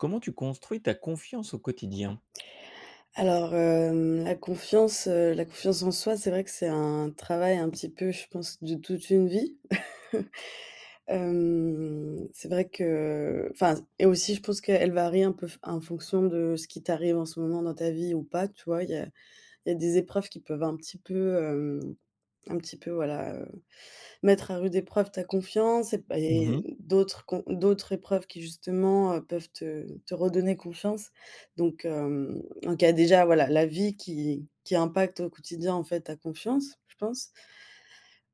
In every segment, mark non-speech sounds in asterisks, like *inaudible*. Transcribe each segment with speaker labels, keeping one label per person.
Speaker 1: Comment tu construis ta confiance au quotidien?
Speaker 2: Alors, hem, la confiance, heu la confiance en soi, c'est vrai que c'est un travail un petit peu, je pense, de toute une vie. *chuckles* Hem, c'est vrai que enfin s et aussi je pense qu'elle varie un peu f en fonction de ce qui t'arrive en ce moment dans ta vie ou pas, tu vois? Il y a il y a des épreuves qui peuvent un petit peu, hem un petit peu voilà, heu, mettre à rude épreuve ta confiance et p
Speaker 1: Mmh mh.
Speaker 2: et d'autres con d'autres épreuves qui justement, heu, peuvent te te redonner confiance. Donc, hem, en cas déjà voilà, la vie qui qui impacte au quotidien en fait ta confiance, je pense.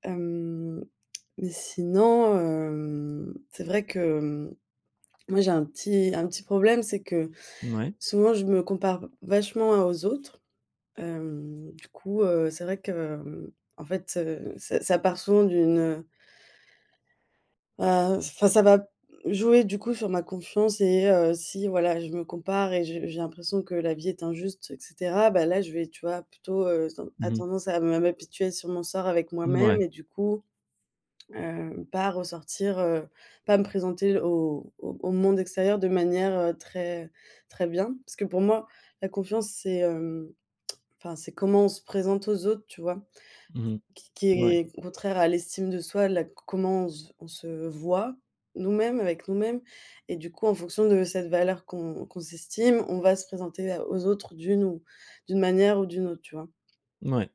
Speaker 2: Hem, *clicks tongue* mais sinon, hem, c'est vrai que hem, moi j'ai un petit un petit problème, c'est que
Speaker 1: Mouais.
Speaker 2: souvent je me compare vachement à aux autres, hem, du coup, heu, c'est vrai que hem, en fait, heu, ça ça part souvent d'une, heu heu, enfin ça va jouer du coup sur ma confiance, et heu, si voilà je me compare et je j'ai l'impression que la vie est injuste et cetera, bah, là je vais tu vois plutôt, heu, se ten à
Speaker 1: Mmh mh.
Speaker 2: tendance à me à m'apitoyer sur mon sort avec moi même.
Speaker 1: Mouais.
Speaker 2: Et du coup, hem, pas ressortir, heu pas me présenter au au au monde extérieur de manière, heu, très très bien. Parce que pour moi, la confiance, c'est hem, *clicks tongue* enfin c'est comment on se présente aux autres tu vois?
Speaker 1: Mmh mh.
Speaker 2: Qui qui
Speaker 1: Mouais.
Speaker 2: est contraire à l'estime de soi là c comment on se v on se voit nous-mêmes avec nous-mêmes. Et du coup en fonction de cette valeur qu'on qu'on s'estime on va se présenter à aux autres d'une ou d'une manière ou d'une autre, tu vois?
Speaker 1: Mouais,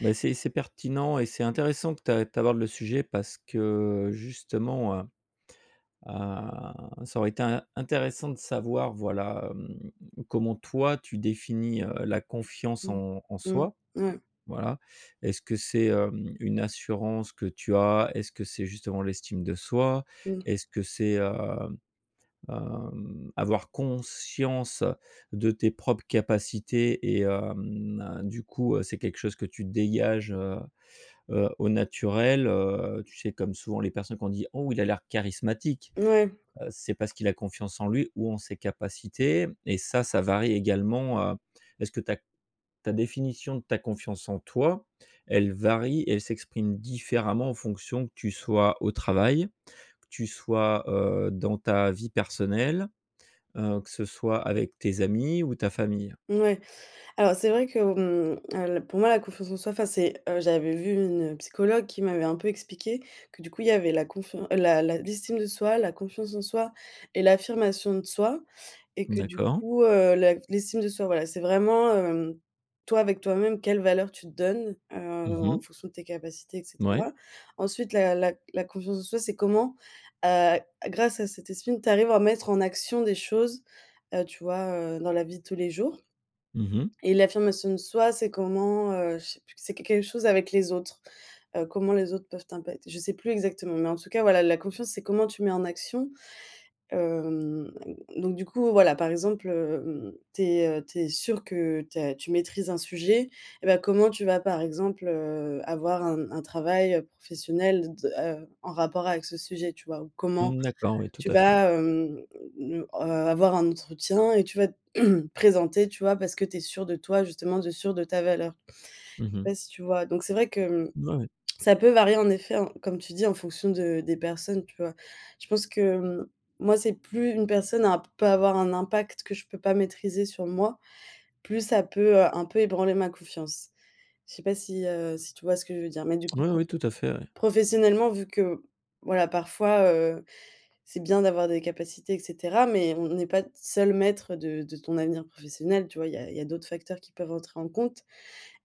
Speaker 1: bah, c'est c'est pertinent et c'est intéressant que tu a que tu abordes le sujet parce que justement, heu, a ça aurait été in intéressant de savoir voilà, hem, comment toi tu définis, heu, la confiance
Speaker 2: Mmh,
Speaker 1: en en
Speaker 2: mmh,
Speaker 1: soi
Speaker 2: mouais.
Speaker 1: voilà. Est-ce que c'est, hem, une assurance que tu as? Est-ce que c'est justement l'estime de soi?
Speaker 2: Mmh.
Speaker 1: Est-ce que c'est, hem hem, avoir conscience de tes propres capacités et hem heu, du coup, heu, c'est quelque chose que tu dégages, heu heu, au naturel, heu? Tu sais, comme souvent les personnes qu'on dit: «Oh il a l'air charismatique.»
Speaker 2: Mouais.
Speaker 1: heu, c'est parce qu'il a confiance en lui ou en ses capacités. Et ça, ça varie également, heu. Est-ce que ta c ta définition de ta confiance en toi elle varie et elle s'exprime différemment en fonction que tu sois au travail, que tu sois, heu, dans ta vie personnelle, heu, que ce soit avec tes amis ou ta famille?
Speaker 2: Mouais, alors c'est vrai que, on al pour moi la confiance en soi, enfin c'est heu, j'avais vu une psychologue qui m'avait un peu expliqué que du coup il y avait la confian la la l'estime de soi, la confiance en soi et l'affirmation de soi. Et que du
Speaker 1: D'accord.
Speaker 2: coup, heu, la l'estime de soi voilà, c'est vraiment, hem, toi avec toi même quelle valeur tu te donnes, heu,
Speaker 1: Mmh
Speaker 2: en
Speaker 1: mh.
Speaker 2: fonction de tes capacités et
Speaker 1: Mouais.
Speaker 2: cetera. Ensuite la la c la confiance en soi c'est comment, heu, grâce à cet estime, tu arrives à mettre en action des choses, heu, tu vois, heu, dans la vie de tous les jours.
Speaker 1: Mmh mh.
Speaker 2: Et l'affirmation de soi, c'est comment, heu, je sais plus q c'est q quelque chose avec les autres. Heu, comment les autres peuvent t'impac je sais plus exactement. Mais en tout cas voilà la confiance, c'est comment tu mets en action. Hem, donc du coup voilà, par exemple, hem, tu es, heu tu es sûr que tu as tu maîtrises un sujet, et bah, comment tu vas, par exemple, heu, avoir un un travail, heu, professionnel de de heu en rapport avec ce sujet tu vois? Ou comment
Speaker 1: Mmh, d'accord oui tout
Speaker 2: tu
Speaker 1: à fait.
Speaker 2: vas, hem, ne heu, avoir un entretien et tu vas *clears throat* te présenter, tu vois, parce que tu es sûr de toi justement, de sûr de ta valeur. Je
Speaker 1: Mmh
Speaker 2: sais
Speaker 1: mh.
Speaker 2: pas si tu vois? Donc c'est vrai que, hem,
Speaker 1: Ouais ouais.
Speaker 2: *clicks tongue* ça peut varier en effet en comme tu dis, en fonction de des personnes, tu vois? Je pense que, hem, moi, c'est: «Plus une personne a peut avoir un impact que je peux pas maîtriser sur moi, plus ça peut, heu, un peu ébranler ma confiance.» Je sais pas si heu, si tu vois ce que je veux dire? Mais du coup,
Speaker 1: Oui,
Speaker 2: prof
Speaker 1: oui, tout à fait, ouais.
Speaker 2: professionnellement vu que, voilà parfois, heu, c'est bien d'avoir des capacités, et cetera, mais on on n'est pas d seul maître de de ton avenir professionnel, tu vois? Il y a il y a d'autres facteurs qui peuvent entrer en compte.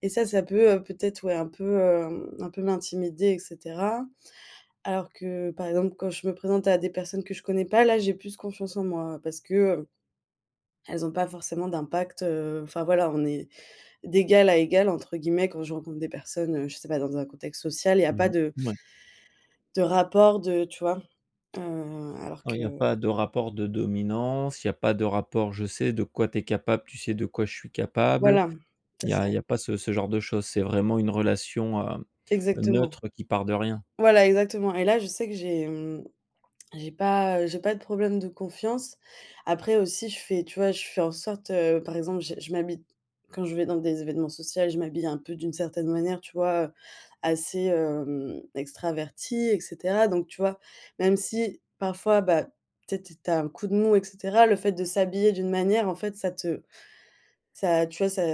Speaker 2: Et ça, ça peut, heu, peut-être, ouais un peu, hem, un peu m'intimider, et cetera. Alors que par exemple quand je me présente à des personnes que je connais pas, là j'ai plus confiance en moi parce que, heu, elles ont pas forcément d'impact, heu, enfin voilà on est d'égal à égal entre guillemets quand je rencontre des personnes, heu, je sais pas dans un contexte social, il y a pas
Speaker 1: Mmh
Speaker 2: de
Speaker 1: mh, ouais.
Speaker 2: de rapport de, tu vois? Heu, alors
Speaker 1: Heu, il
Speaker 2: que.
Speaker 1: y a pas de rapport de dominance. Il y a pas de rapport: «Je sais de quoi tu es capable, tu sais de quoi je suis capable.»
Speaker 2: Voilà c'est
Speaker 1: Il y a
Speaker 2: ça.
Speaker 1: il y a pas ce ce genre de choses. C'est vraiment une relation, heu,
Speaker 2: Exactement.
Speaker 1: neutre qui part de rien.
Speaker 2: Voilà exactement. Et là je sais que j'ai hem j'ai pas, heu j'ai pas de problème de confiance. Après aussi je fais tu vois je fais en sorte, heu par exemple j je m'habille quand je vais dans des événements social, je m'habille un peu d'une certaine manière tu vois? Heu, assez, hem, extravertie et cetera, donc tu vois, même si parfois, bah, peut-être tu as un coup de mou et cetera, le fait de s'habiller d'une manière en fait ça te ça tu vois ça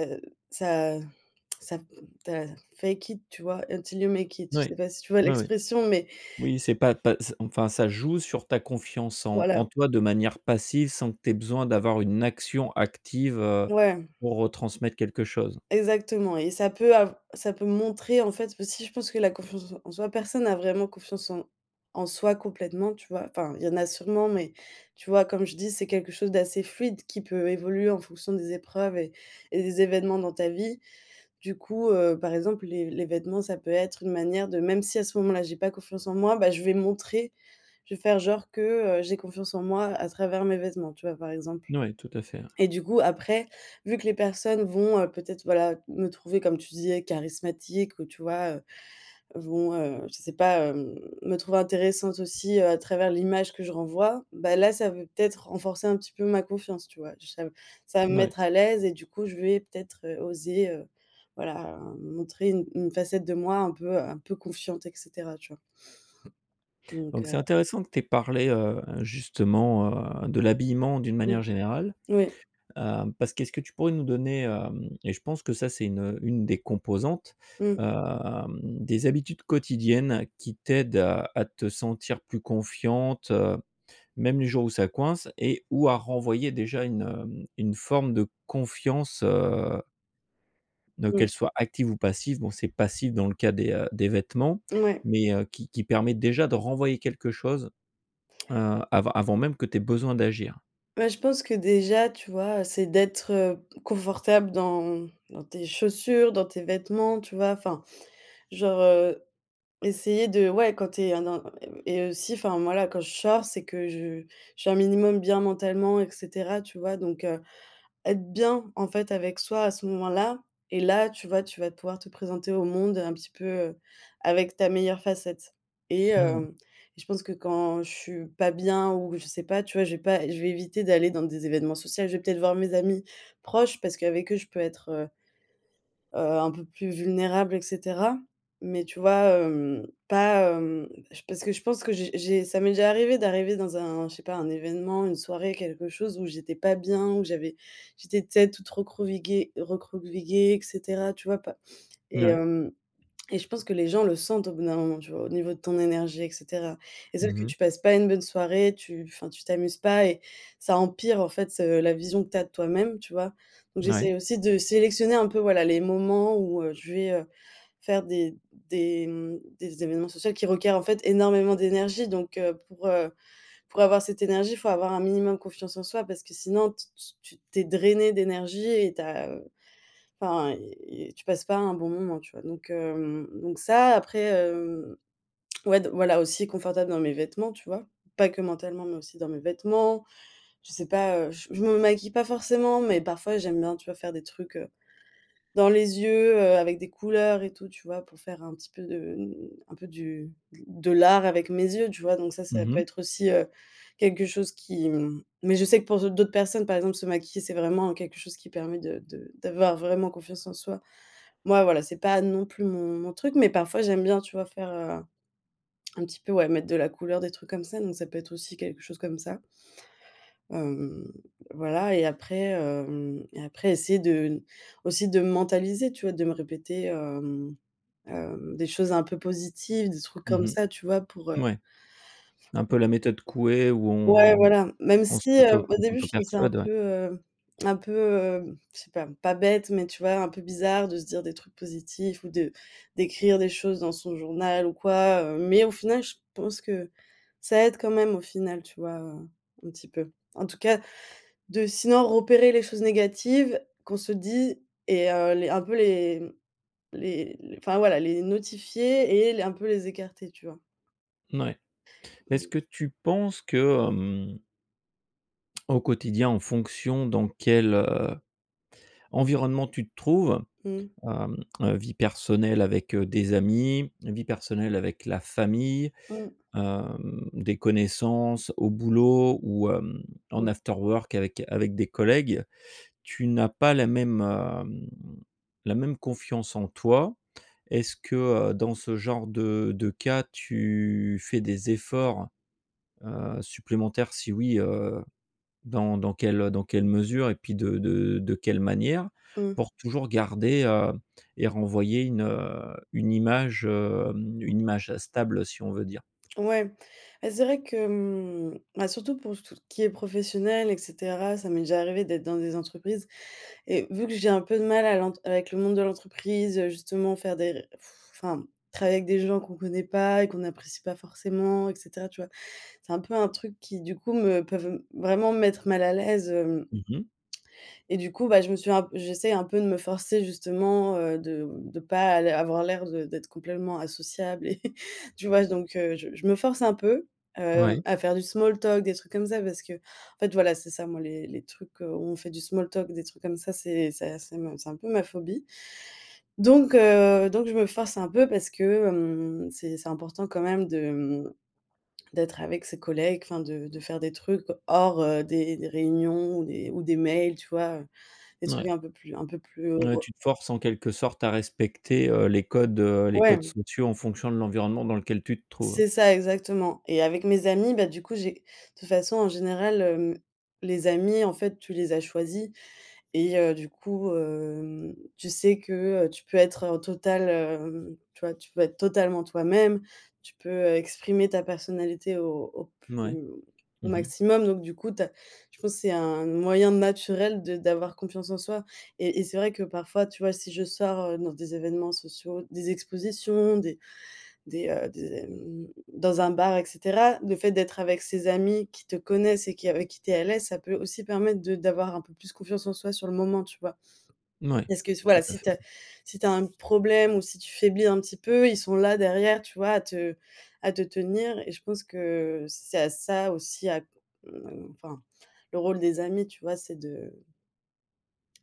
Speaker 2: ça heu *clicks tongue* ça t ta fake it tu vois? Until you make it. Je
Speaker 1: Oui.
Speaker 2: sais pas si tu vois
Speaker 1: Oui, oui.
Speaker 2: l'expression mais.
Speaker 1: Oui, c'est pas pas s enfin, ça joue sur ta confiance en en
Speaker 2: Voilà.
Speaker 1: toi de manière passive sans que tu ai besoin d'avoir une action active, heu,
Speaker 2: Ouais.
Speaker 1: pour, heu, transmettre quelque chose.
Speaker 2: Exactement et ça peut av ça peut montrer en fait aussi je pense que la confiance en s en soi, personne a vraiment confiance en en soi complètement tu vois? Enfin il y en a sûrement, mais tu vois comme je dis: «C'est quelque chose d'assez fluide qui peut évoluer en fonction des épreuves et et des événements dans ta vie.» Du coup, heu, par exemple les les vêtements ça peut être une manière de: «Même si à ce moment-là j'ai pas confiance en moi, bah, je vais me montrer, je vais faire genre que, heu, j'ai confiance en moi à travers mes vêtements.» tu vois, par exemple.
Speaker 1: N ouais tout à fait, hein.
Speaker 2: Et du coup après, vu que les personnes vont, heu, peut-être voilà me trouver comme tu disais charismatique ou tu vois, heu, vont, heu, je sais pas, hem, me trouver intéressante aussi, heu, à travers l'image que je renvoie. Bah, là ça veut peut-être renforcer un petit peu ma confiance, tu vois? J ça ça va me
Speaker 1: N ouais.
Speaker 2: mettre à l'aise et du coup je vais peut-être, heu, oser, heu, voilà a m montrer une une facette de moi un peu, heu un peu confiante, et cetera, tu vois? Donc,
Speaker 1: Donc
Speaker 2: heu.
Speaker 1: c'est intéressant que tu aies parlé, heu, justement, heu, de l'habillement d'une
Speaker 2: Mmh,
Speaker 1: manière générale.
Speaker 2: oui.
Speaker 1: Heu, parce qu'est-ce que tu pourrais nous donner, heu- et je pense que ça c'est une une des composantes-
Speaker 2: Mmh.
Speaker 1: heu, des habitudes quotidiennes qui t'aident à à te sentir plus confiante, heu, même les jours où ça coince. Et ou à renvoyer déjà une, heu, une forme de confiance, heu donc
Speaker 2: Mmh.
Speaker 1: qu'elle soit active ou passive. Bon c'est passif, dans le cas des heu, des vêtements
Speaker 2: Mouais.
Speaker 1: mais, heu, qui qui permet déjà de renvoyer quelque chose, heu, avant avant même que tu aies besoin d'agir?
Speaker 2: Ouais je pense que déjà tu vois, heu, c'est d'être confortable dans dans tes chaussures, dans tes vêtements tu vois? Enfin, genre, heu, essayer de ouais quand tu es un dans et b et aussi enfin moi là quand je sors, c'est que je je suis un minimum bien mentalement, et cetera, tu vois? Donc, heu, être bien en fait avec soi à ce moment là, et là, tu vois, tu vas pouvoir te présenter au monde un petit peu, heu, avec ta meilleure facette. Et
Speaker 1: Mmh mh.
Speaker 2: hem, et je pense que quand je suis pas bien ou je sais pas, tu vois, j'ai pas, je vais éviter d'aller dans des événements social. Je vais peut-être voir mes amis proches parce qu'avec eux, je peux être, heu heu, un peu plus vulnérable, et cetera. Mais tu vois, hem, pas hem, j parce que je pense que j'ai j'ai, ça m'est déjà arrivé d'arriver dans un je sais pas, un événement, une soirée, quelque chose où j'étais pas bien, où j'avais j'étais peut-être toute recroquevillée- recroquevillée, et cetera, tu vois pas
Speaker 1: N
Speaker 2: Et
Speaker 1: oui.
Speaker 2: hem, *clicks tongue* et je pense que les gens le sentent au bout d'un moment, tu vois, au niveau de ton énergie, et cetera. Et
Speaker 1: Mmh
Speaker 2: sauf que
Speaker 1: mh.
Speaker 2: tu passes pas une bonne soirée, tu enfin tu t'amuses pas et ça empire en fait ce, la vision que tu as de toi-même, tu vois? Donc
Speaker 1: N oui.
Speaker 2: j'essaie aussi de sélectionner un peu, voilà, les moments où heu, je vais, heu, faire des des mmh des événements social qui requièrent en fait énormément d'énergie. Donc, heu, pour, heu pour avoir cette énergie, il faut avoir un minimum confiance en soi parce que sinon t tu tu tu es drainé d'énergie et tu as heu enfin y y tu passes pas un bon moment, tu vois? Donc, hem donc ça, après, hem, ouais d voilà aussi confortable dans mes vêtements, tu vois? Pas que mentalement, mais aussi dans mes vêtements. Je sais pas, heu, je me maquille pas forcément, mais parfois j'aime bien, tu vois, faire des trucs, heu, dans les yeux, heu, avec des couleurs et tout, tu vois? Pour faire un petit peu de mmh, un peu du de l'art avec mes yeux, tu vois? Donc ça, ça
Speaker 1: Mmh
Speaker 2: peut
Speaker 1: mh.
Speaker 2: être aussi, heu, quelque chose qui m mais je sais que pour d'au d'autres personnes, par exemple, se maquiller, c'est vraiment quelque chose qui permet de de d'avoir vraiment confiance en soi. Moi, voilà, c'est pas non plus mon mon truc. Mais parfois, j'aime bien tu vois faire, heu, un un petit peu, ouais, mettre de la couleur, des trucs comme ça, donc ça peut être aussi quelque chose comme ça. Hem, voilà, et après, hem et après essayer de n aussi de me mentaliser, tu vois, de me répéter, hem hem, des choses un peu positives, des trucs comme
Speaker 1: Mmh mh.
Speaker 2: ça, tu vois, pour, heu.
Speaker 1: Mouais. Un peu
Speaker 2: Fau
Speaker 1: la méthode Couet où
Speaker 2: Ouais
Speaker 1: on
Speaker 2: voilà même
Speaker 1: on
Speaker 2: si
Speaker 1: s'auto
Speaker 2: heu, au
Speaker 1: on
Speaker 2: début je faisais un
Speaker 1: s'auto-persuade ouais.
Speaker 2: peu, heu un peu, hem, je sais pas, pas bête, mais tu vois, un peu bizarre de se dire des trucs positifs ou de d'écrire des choses dans son journal ou quoi, heu. Mais au final, je pense que ça aide quand même au final, tu vois, heu, un petit peu. En tout cas de sinon repérer les choses négatives qu'on se dit et heu, les un peu les les enfin voilà les notifier et les un peu les écarter tu vois?
Speaker 1: Mouais, est-ce
Speaker 2: Mmh.
Speaker 1: que tu penses que hem *clicks tongue* au quotidien, en fonction dans quel, heu, environnement tu te trouves,
Speaker 2: Mmh.
Speaker 1: hem heu, vie personnelle avec des amis vie personnelle avec la famille,
Speaker 2: Mmh.
Speaker 1: hem, des connaissances au boulot ou hem, en
Speaker 2: Mmh.
Speaker 1: afterwork avec avec des collègues, tu n'as pas la même, hem, la même confiance en toi? Est-ce que, heu, dans ce genre de de cas tu fais des efforts, heu, supplémentaires? Si oui, heu, dans dans quelle dans quelle mesure et puis de de de quelle manière?
Speaker 2: Mmh.
Speaker 1: Pour toujours garder, heu, et renvoyer une heu, une image, hem, une image stable si on veut dire.
Speaker 2: Ouais, et c'est vrai que hem, bah, surtout pour s tout qui est professionnel, et cetera, ça m'est déjà arrivé d'être dans des entreprises et vu que j'ai un peu de mal à l'ent avec le monde de l'entreprise, justement faire des ré *sighs* enfin, travailler avec des gens qu'on connaît pas et qu'on apprécie pas forcément, et cetera, tu vois? C'est un peu un truc qui du coup me peuvent m vraiment me mettre mal à l'aise, hem.
Speaker 1: Mmh mh.
Speaker 2: *clicks tongue* Et du coup, bah, je me suis un, j'essaie un peu de me forcer justement, heu, de m de pas l avoir l'air de d'être complètement associable et *laughs* tu vois? J donc, heu, je je me force un peu, heu,
Speaker 1: Ouais.
Speaker 2: à faire du small talk des trucs comme ça parce que, en fait voilà, c'est ça moi les les trucs, où on fait du small talk des trucs comme ça. C'est c'est a c'est ma c'est un peu ma phobie. Donc, heu donc je me force un peu parce que hem, c'est c'est important quand même de hem, d'être avec ses collègues. Enfin de de faire des trucs hors, heu, des des réunions ou des ou des mails tu vois? Heu, des trucs
Speaker 1: Mouais.
Speaker 2: un peu plus un peu plus
Speaker 1: Ouais.
Speaker 2: heureux.
Speaker 1: Tu te forces en quelque sorte à respecter, heu, les codes, heu, les codes
Speaker 2: Ouais.
Speaker 1: somptueux en fonction de l'environnement dans lequel tu te trouves.
Speaker 2: C'est ça exactement. Et avec mes amis, bah, du coup j'ai toute façon en général, hem, les amis en fait tu les as choisis et heu, du coup, hem, tu sais que, heu, tu peux être en total, hem tu vois, tu peux être totalement toi-même. Tu peux exprimer ta personnalité au au
Speaker 1: Mouais.
Speaker 2: plus au
Speaker 1: Mmh mh.
Speaker 2: maximum. Donc du coup tu as je pense c'est un moyen naturel de d'avoir confiance en soi. Et et c'est vrai que parfois tu vois si je sors, heu, dans des événements sociaux, des expositions, des des heu des hem dans un bar, et cetera. Le fait d'être avec ces amis qui te connaissent et qui avec qui tu es à l'aise, ça peut aussi permettre de d'avoir un peu plus confiance en soi sur le moment, tu vois?
Speaker 1: Mouais,
Speaker 2: Est-ce que, s voilà,
Speaker 1: tout à
Speaker 2: si
Speaker 1: fait.
Speaker 2: tu as, si tu as un problème ou si tu faiblis un petit peu, ils sont là derrière, tu vois, à te à te tenir et je pense que c'est à ça aussi à c enfin le rôle des amis tu vois c'est de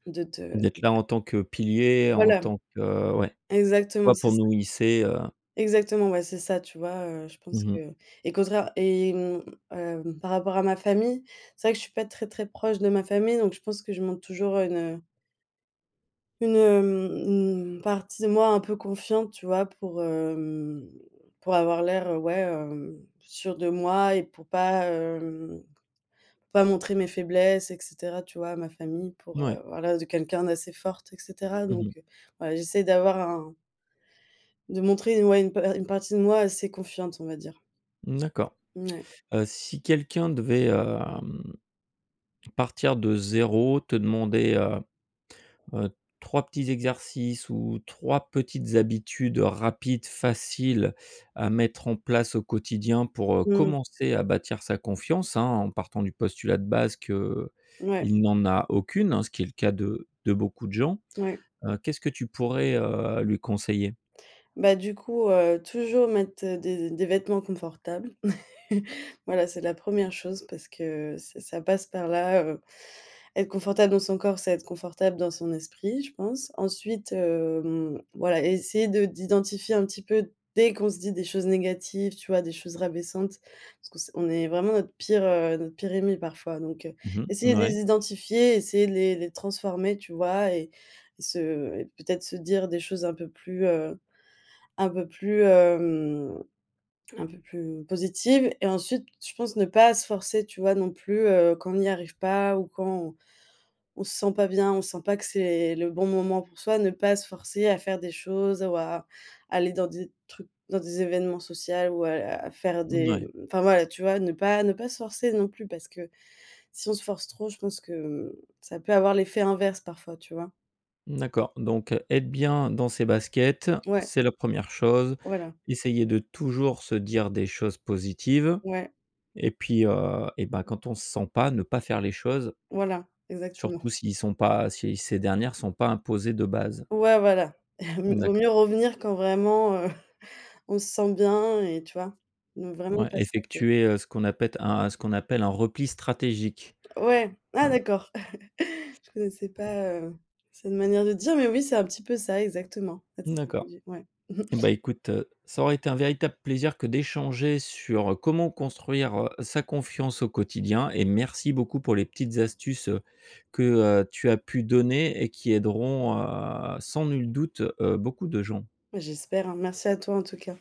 Speaker 2: de te
Speaker 1: D'être là en tant que pilier, en
Speaker 2: Voilà.
Speaker 1: tant que, ouais.
Speaker 2: Exactement
Speaker 1: *unintelligible*
Speaker 2: c'est
Speaker 1: pour
Speaker 2: ça.
Speaker 1: nous hisser, heu.
Speaker 2: Exactement, ouais, c'est ça, tu vois, heu, je pense
Speaker 1: Mmh mh.
Speaker 2: que. Et contraire et mmh, hem, par rapport à ma famille, c'est vrai que je suis pas très très proche de ma famille, donc je pense que je montre toujours une une hem, une partie de moi un peu confiante, tu vois? Pour, hem, pour avoir l'air ouais, heu, sûr de moi et pour pas, heu, pas montrer mes faiblesses, et cetera, tu vois, à ma famille. Pour, heu,
Speaker 1: Moui.
Speaker 2: voilà de quelqu'un d'assez forte, et cetera.
Speaker 1: Mmh mh.
Speaker 2: Donc, heu, voilà, j'essaie d'avoir un de montrer une ouais une pa heu, une partie de moi assez confiante, on va dire.
Speaker 1: Mmh, d'accord.
Speaker 2: N ouais.
Speaker 1: Heu, si quelqu'un devait, hem, partir de 0, te demander, heu heu, 3 petits exercices ou 3 petites habitudes rapides, faciles à mettre en place au quotidien pour, heu,
Speaker 2: Mmh.
Speaker 1: commencer à bâtir sa confiance, hein, en partant du postulat de base que, heu,
Speaker 2: Mouais.
Speaker 1: il n'en a aucune, ce qui est le cas de de beaucoup de gens.
Speaker 2: Mouais.
Speaker 1: Heu, qu'est-ce que tu pourrais, heu, lui conseiller?
Speaker 2: Bah, du coup, heu, toujours mettre des des vêtements confortables. *laughs* Voilà, c'est la 1re chose parce que, heu, ç ça passe par là heu, être confortable dans son corps, c'est être confortable dans son esprit, je pense. Ensuite, hem, voilà, essayer de d'identifier un petit peu, dès qu'on se dit des choses négatives, tu vois, des choses rabaissantes, parce que s on est vraiment notre pire, heu, notre pire ennemi parfois, donc, heu,
Speaker 1: Mmh mh,
Speaker 2: essayer
Speaker 1: n
Speaker 2: de
Speaker 1: ouais.
Speaker 2: les identifier, essayer de les les transformer, tu vois? Et et se et peut-être se dire des choses un peu plus, heu un peu plus hem un peu plus positives. Et ensuite, je pense ne pas se forcer, tu vois, non plus, heu, quand on y arrive pas ou quand on on se sent pas bien. On sent pas que c'est le bon moment pour soi, ne pas se forcer à faire des choses ou à aller dans des trucs dans des événements social ou à la à faire
Speaker 1: N
Speaker 2: des
Speaker 1: ouais.
Speaker 2: enfin voilà, tu vois? Ne pas ne pas se forcer non plus. Parce que si on se force trop, je pense que hem, ça peut avoir l'effet inverse, parfois, tu vois?
Speaker 1: Mmh, d'accord donc être bien dans ses baskets
Speaker 2: Ouais.
Speaker 1: c'est la 1re chose,
Speaker 2: Voilà.
Speaker 1: essayer de toujours se dire des choses positives,
Speaker 2: Ouais.
Speaker 1: et puis, heu, et bah, quand on se sent pas ne pas faire les choses.
Speaker 2: Voilà exactement. *chuckles*
Speaker 1: Surtout s'ils sont pas, si ces dernières sont pas imposées de base.
Speaker 2: Ouais voilà. *chuckles* Vaut
Speaker 1: D'accord.
Speaker 2: mieux revenir quand vraiment *chuckles* on se sent bien et tu vois? Ne vraiment
Speaker 1: Ouais,
Speaker 2: pas se forcer.
Speaker 1: effectuer, heu, ce qu'on appelle un ce qu'on appelle un repli stratégique.
Speaker 2: Ouais, ah
Speaker 1: Voila.
Speaker 2: d'accord! *laughs* Je connaissais pas heu, cette manière de dire, mais oui, c'est un petit peu ça exactement. Cette
Speaker 1: Mmh, d'accord.
Speaker 2: stratégie. Ouais. *chuckles*
Speaker 1: Beh, écoute, heu, ça aura été un véritable plaisir que d'échanger sur heu: «Comment construire, heu, sa confiance au quotidien?» et merci beaucoup pour les petites astuces, heu, que heu, tu as pu donner et qui aideront, heu, sans nul doute, heu, beaucoup de gens.
Speaker 2: Beh, j'espère, hein, merci à toi en tout cas.